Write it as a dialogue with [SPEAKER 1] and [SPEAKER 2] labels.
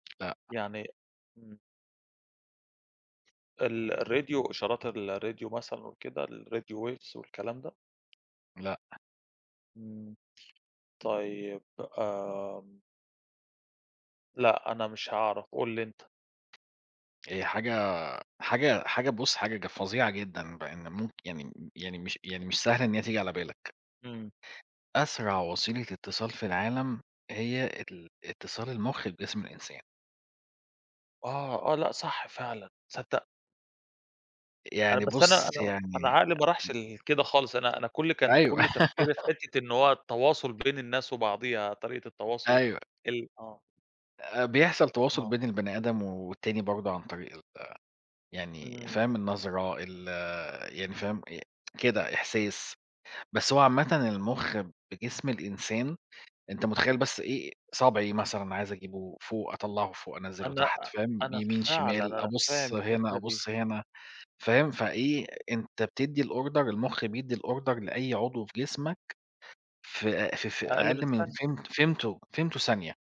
[SPEAKER 1] لأ.
[SPEAKER 2] يعني إمم. ال الRadio إشارات الRadio مثلًا وكده الRadio Waves والكلام ده؟
[SPEAKER 1] لأ.
[SPEAKER 2] إمم، طيب آمم لأ، أنا مش هاعرف، قُل لي أنت.
[SPEAKER 1] هي حاجة حاجة حاجة بُص حاجة ج فظيعة جدًا، بإن ممك يعني م يعني مش يعني مش سهل إن هي تيجي على بالك.
[SPEAKER 2] إمم.
[SPEAKER 1] أسرع وسيلة اتصال في العالم، هي ال اتصال المُخ بجسم الإنسان.
[SPEAKER 2] آه، آه لأ، صح فعلًا تصدّق! أنا
[SPEAKER 1] يعني
[SPEAKER 2] بس أنا
[SPEAKER 1] بُص
[SPEAKER 2] أنا أنا
[SPEAKER 1] يعني
[SPEAKER 2] عقلي ما راحش
[SPEAKER 1] [unintelligible]
[SPEAKER 2] ل لكده خالص أنا أنا كُلّ كان
[SPEAKER 1] أيوه.
[SPEAKER 2] كُلّ تفكري فحِتّة إن هو التواصل بين الناس وبعضيها، طريقة التواصل
[SPEAKER 1] أيوه.
[SPEAKER 2] ال آه.
[SPEAKER 1] آآ بيحصل تواصل
[SPEAKER 2] آه.
[SPEAKER 1] بين البَني آدم والتاني برضه عن طريق ال يعني
[SPEAKER 2] إمم.
[SPEAKER 1] فاهم؟ النظرة ال يعني فاهم، ي كده إحساس، بس هو عامةً المُخّ بجسم الإنسان، أنت مُتخيّل بس إيه صابعي مثلًا عايز أجيبه فوق، أطلّعه فوق، أنزِلُه
[SPEAKER 2] أنا
[SPEAKER 1] تحت،
[SPEAKER 2] أ
[SPEAKER 1] فاهم،
[SPEAKER 2] أنا
[SPEAKER 1] يمين،
[SPEAKER 2] فعلًا
[SPEAKER 1] شمال
[SPEAKER 2] أنا فاهم
[SPEAKER 1] أبُص هنا،
[SPEAKER 2] الحِتّة دي.
[SPEAKER 1] أبُص هنا فاهم، فإيه أنت بتدّي الOrder المُخّ بيدّي الOrder لأي عضو في جسمك، في آآ في في
[SPEAKER 2] أقل من
[SPEAKER 1] أقل من
[SPEAKER 2] ثانية.
[SPEAKER 1] فم فمتو فمتو ثانية.